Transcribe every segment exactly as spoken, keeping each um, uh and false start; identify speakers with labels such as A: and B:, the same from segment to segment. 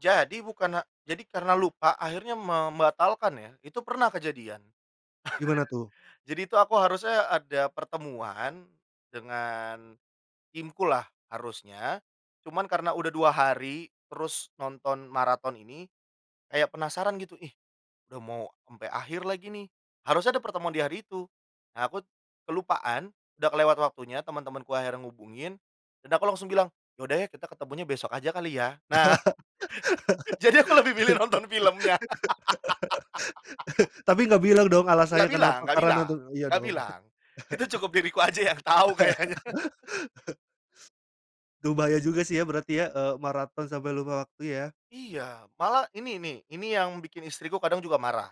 A: Jadi bukan a jadi karena lupa, akhirnya membatalkan ya. Itu pernah kejadian.
B: Gimana tuh?
A: Jadi itu aku harusnya ada pertemuan dengan timku lah harusnya. Cuman karena udah dua hari, terus nonton maraton ini kayak penasaran gitu, "Ih, udah mau sampai akhir lagi nih." Harusnya ada pertemuan di hari itu. Nah aku kelupaan, udah kelewat waktunya, teman-temanku akhirnya hubungin, dan aku langsung bilang, "Ya udah ya, kita ketemunya besok aja kali ya," nah. Jadi aku lebih milih nonton filmnya.
B: Tapi nggak bilang dong
A: Enggak
B: alasannya
A: bilang
B: kenapa,
A: enggak
B: karena
A: bilang
B: tu iya
A: enggak
B: dong?
A: bilang. Itu cukup diriku aja yang tahu kayaknya.
B: Duh bahaya juga sih ya berarti ya, eee, maraton sampai lupa waktu ya?
A: Iya, malah ini nih, ini yang bikin istriku kadang juga marah.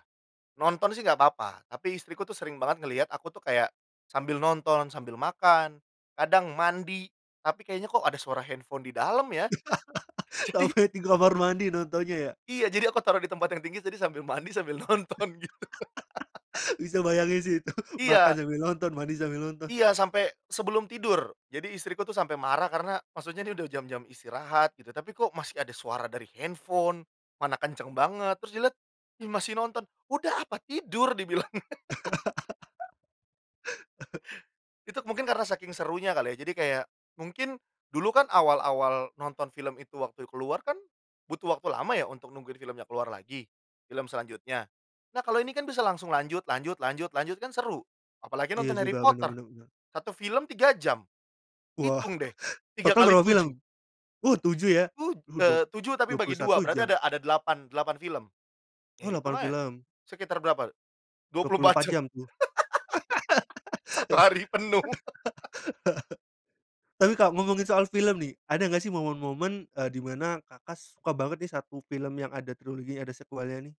A: Nonton sih enggak apa-apa, tapi istriku tuh sering banget ngelihat aku tuh kayak sambil nonton, sambil makan, kadang mandi, tapi kayaknya kok ada suara handphone di dalam ya, jadi
B: Sampai di kamar mandi nontonnya ya?
A: Iya, jadi aku taruh di tempat yang tinggi, jadi sambil mandi, sambil nonton gitu.
B: Bisa bayangin sih itu, makan
A: Iya.
B: sambil nonton, mandi sambil nonton.
A: Iya sampai sebelum tidur, jadi istriku tuh sampai marah karena maksudnya dia udah jam-jam istirahat gitu, tapi kok masih ada suara dari handphone, mana kenceng banget terus dia lihat, "Ih masih nonton, udah apa tidur!" dibilang. Itu mungkin karena saking serunya kali ya, jadi kayak mungkin dulu kan awal-awal nonton film itu waktu keluar kan butuh waktu lama ya untuk nungguin filmnya keluar lagi, film selanjutnya. Nah kalau ini kan bisa langsung lanjut lanjut lanjut lanjut kan seru. Apalagi
B: Iya,
A: nonton Harry
B: juga bener
A: Potter,
B: bener bener.
A: satu film tiga jam.
B: Wah,
A: Hitung deh, tiga
B: total
A: kali
B: berapa
A: tujuh.
B: film? Oh tujuh ya?
A: Tu
B: Rudong,
A: eee, tujuh tapi
B: dua puluh
A: bagi
B: satu
A: dua, berarti
B: jam.
A: ada ada delapan delapan film. Iya
B: Oh
A: hitung
B: lapan
A: aja,
B: film.
A: sekitar berapa, dua
B: dua
A: puluh
B: puluh empat
A: empat jam.
B: jam tuh.
A: Satu hari penuh.
B: Tapi Kak ngomongin soal film nih, ada enggak sih momen-momen, eee, di mana Kakak suka banget nih satu film yang ada triloginya, ada sekuelnya nih?